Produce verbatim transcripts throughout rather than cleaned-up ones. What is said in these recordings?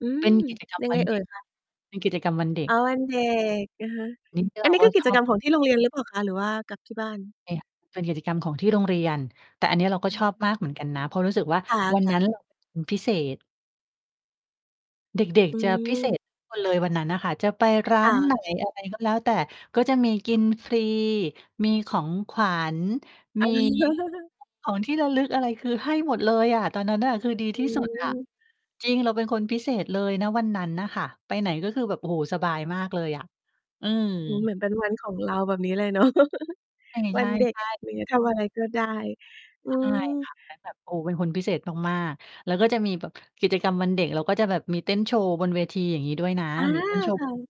อืเป็ม น กิจกรรม ยังวไังนเอเ่ด็ย ก คะ เป็นกิจกรรมวันเด็อ๋อ ก วันเด็ก อะฮะ นี้อเัรนา นี้กค็ือกชิจอกรบ รมของที่โรงเรียนหรือเปล่าคะ? หรือว่ากับที่บ้าน เนี่ย เป็นกิจกรรมของที่โรงเรียน แต่อันเนี้ยเราก็อืชออฮบมากึ เหมือนกันนะ เพราะรู้สึกว่าควัน่นะ ั้น ๆ เราเป็น คนพิเศษ เด็ก อืๆ จะพิเศม ษ ทุกคน เลยวันนั้นน่ะค่ะ จะไปร้าค่น ะ ไหน อะไร ก็แล้วแต่ ก็จะมีกินฟรี มีของขวัญ มีของ ที่ระลึกอะไรคือให้หมดเลยอะ ตอนนั้นน่ะ คือดีอที่ สุด อะ ืม จริง เราเป็นคนพิเศษเลย ณ วันนั้นน่ะค่ะ ไปไหนก็คือแบบ โอ้โฮ สบายมากเลยอะ อืโอ้ ม เหมือนเป็นวันของเราแบบนี้เลย เนาะ ไอ้ วใัชน่ เด็ก อๆ ะไรเงี้ย ทำอะไรก็ได้ อืใช่ม ค่ะ แล้วแบบ โอ้ เป็นคนพิเศษมาก ๆ แล้วก็จะมีแบบ กิจกรรมวันเด็ก แล้วก็จะแบบมีเต้นโชว์บนเวทีอย่างงี้ด้วยนะ อา มีเต้น โชว์ ค่ะ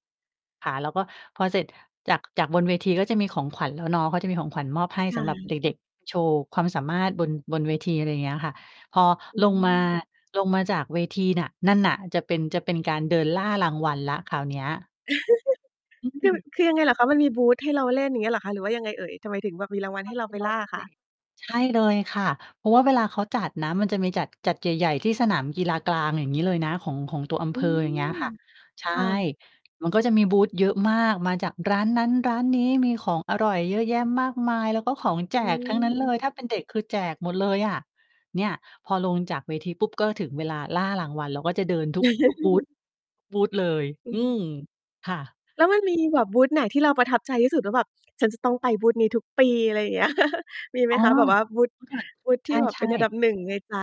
ค่ะ แล้วก็พอเสร็จจาก จากบนเวทีก็จะมีของขวัญแล้วเนาะ เขาจะมีของขวัญมอบให้คส่ำหรับเดะ ็ก ๆ โชว์ความสามารถบน บนเวที อะไรอย่างเงี้ยค่ะ พออืลงมา ม ลงมาจากเวทีน่ะ นั่นน่ะจะเป็น จะเป็นการเดินล่ารางวัลแล้วคราวเนี้ย อืคือ ม คือยังไงเหรอคะ? มันมีบูทให้เราเล่น อย่างเงี้ยเหรอคะ? หรือว่ายังไงเอ่ย? ทำไมถึงแบบมีรางวัลให้เราไปล่าคะ? [unintelligible] ใช่เลยค่ะ เพราะว่าเวลาเขาจัดนะ มันจะมีจัด จัดใหญ่ ๆ ที่สนามกีฬากลางอย่างงี้เลยนะ ของ ของตัวอำอเืภออยม ่างเงี้ยค่ะ ใช่ ค่ะ มันก็จะมีบูทเยอะมาก มาจากร้านนั้นร้านนี้ มีของอร่อยเยอะแยะมากมาย แล้วก็ของแจอืกทั้งนั้นเลม ย ถ้าเป็นเด็กคือแจกหมดเลยอะ เนี่ยพอลงจากเวทีปุ๊บก็ถึงเวลาล่ารางวัล เราก็จะเดิน ทุกบูท ทุกบูท เลย อือืม ม ค่ะ แล้วมันมีแบบบูทไหนที่เราประทับใจที่สุด ว่าแบบฉันจะต้องไปบูทนี้ทุกปี อะไรอย่างเงี้ย มีไหอม๋อ คะ? แบบว่าบูท เมื่อก่อน บูทใที่ชเป็่ นอันดๆ ับ หนึ่ง ในใจ